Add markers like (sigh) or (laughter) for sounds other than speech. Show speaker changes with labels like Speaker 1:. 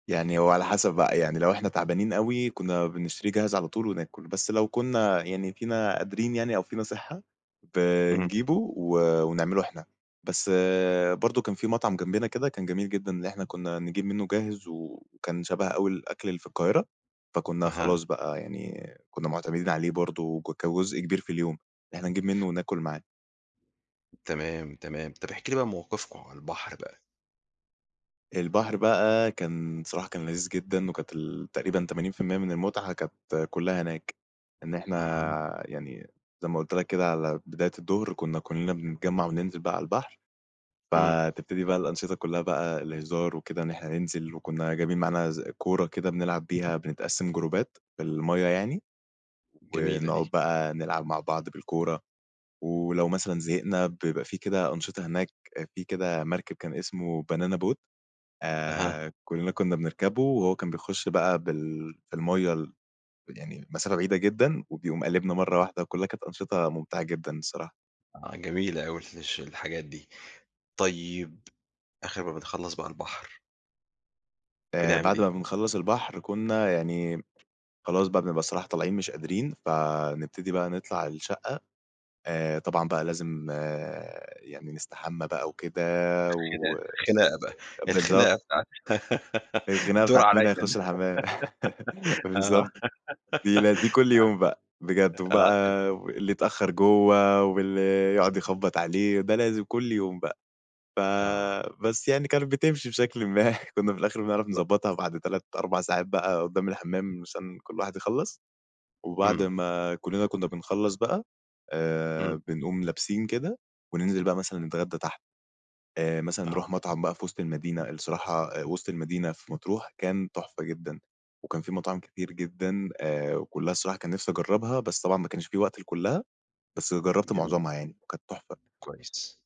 Speaker 1: يعني هو على حسب بقى، يعني لو إحنا تعبانين أوي كنا بنشتري جاهز على طول وناكل، بس لو كنا يعني فينا قادرين يعني أو فينا صحة
Speaker 2: اهم.
Speaker 1: بنجيبه و ونعمله إحنا، بس برضه كان في مَطعَم جنبنا كده كان جميل جدًا اللي إحنا كنا نجيب منه جاهز وكان شبه أوي الأكل اللي في القاهرة، فكنا
Speaker 2: أها.
Speaker 1: خلاص بقى يعني كنا معتمدين عليه برضه ك كجزء كبير في اليوم، إن إحنا نجيب منه وناكل معاه.
Speaker 2: تمام تمام، طب احكِ لي بقى موقفكم على البحر بقى.
Speaker 1: البحر بقى كان صراحة كان لذيذ جدًا وكانت ال تقريبًا 80% من المتعة كانت كُلّها هناك. إن
Speaker 2: أها.
Speaker 1: إحنا يعني زي ما قُلت لَك كده على بداية الضُهر كنا كُلّنا بنتجمع وننزل بقى على البحر،
Speaker 2: امم.
Speaker 1: فتبتدي بقى الأنشطة كلّها بقى الهزار وكده إن إحنا ننزل وكنا جايبين معانا ز كورة كده بنلعَب بيها، بنتقسم جروبات في المَيّة يعني
Speaker 2: جميلة
Speaker 1: ونقعُد
Speaker 2: دي.
Speaker 1: بقى نلعَب مع بعض بالكورة. ولو مثلًا زهقنا بيبقى في كده أنشطة هناك، في كده مَركَب كان اسمه بانانا بوت،
Speaker 2: أها.
Speaker 1: آآ كُلّنا كنا بنركَبُه وهو كان بيخش بقى بال في المَيّة ال يعني مسافة بعيدة جدًا وبيقوم قالبنا مَرّة واحدة، وكُلّها كانت أنشطة ممتعة جدًا الصراحة.
Speaker 2: آه جميلة أوي ال الش الحاجات دي. طيب آخر ما بتخلص بقى البحر.
Speaker 1: آآ
Speaker 2: بنعمل
Speaker 1: بعد ما
Speaker 2: إيه؟
Speaker 1: بَنخَلّص البحر كنا يعني م خلاص بقى بنبقى الصراحة طالعين مش قادرين، فنبتدي بقى نطلَع الشقة آآ طبعًا بقى لازم يعني نستحمى بقى وكده
Speaker 2: خناقة
Speaker 1: و
Speaker 2: خناقة بقى،
Speaker 1: بالضبط.
Speaker 2: الخناقة بتاعة (giggles)
Speaker 1: الخناقة
Speaker 2: الدور
Speaker 1: بتاعة مين
Speaker 2: عليَّ
Speaker 1: هيخش
Speaker 2: أنا
Speaker 1: الحمام، (laughs)
Speaker 2: آه،
Speaker 1: بالضبط،
Speaker 2: (giggles)
Speaker 1: دي ل دي كل يوم بقى بجد،
Speaker 2: آه، آه ت
Speaker 1: وبقى اللي اتأخر جوّه واللي يقعد يخبّط عليه، ده لازم كل يوم بقى. ف
Speaker 2: آه.
Speaker 1: بس يعني كانت بتمشي بشكلٍ ما. كنا في الآخر بنعرَف
Speaker 2: (unintelligible)
Speaker 1: نضبّطها بعد 3، 4 ساعات بقى قدام الحمام عشان كل واحد يخلّص، وبعد
Speaker 2: امم
Speaker 1: ما كُلّنا كنا بنخلّص بقى
Speaker 2: امم.
Speaker 1: آآ بنقوم لابسين كده وننزل بقى مثلًا نتغدى تحت. آآ مثلًا نروح
Speaker 2: آه.
Speaker 1: مطعم بقى في وسط المدينة، الصراحة آآ وسط المدينة في مطروح كان تحفة جدًا، وكان فيه مطاعم كتير جدًا آآ وكُلّها الصراحة كان نفسي أجربها، بس طبعًا ما كانش في وقت لكُلّها بس جربت
Speaker 2: جميل.
Speaker 1: معظمها يعني كانت تحفة.
Speaker 2: كويس.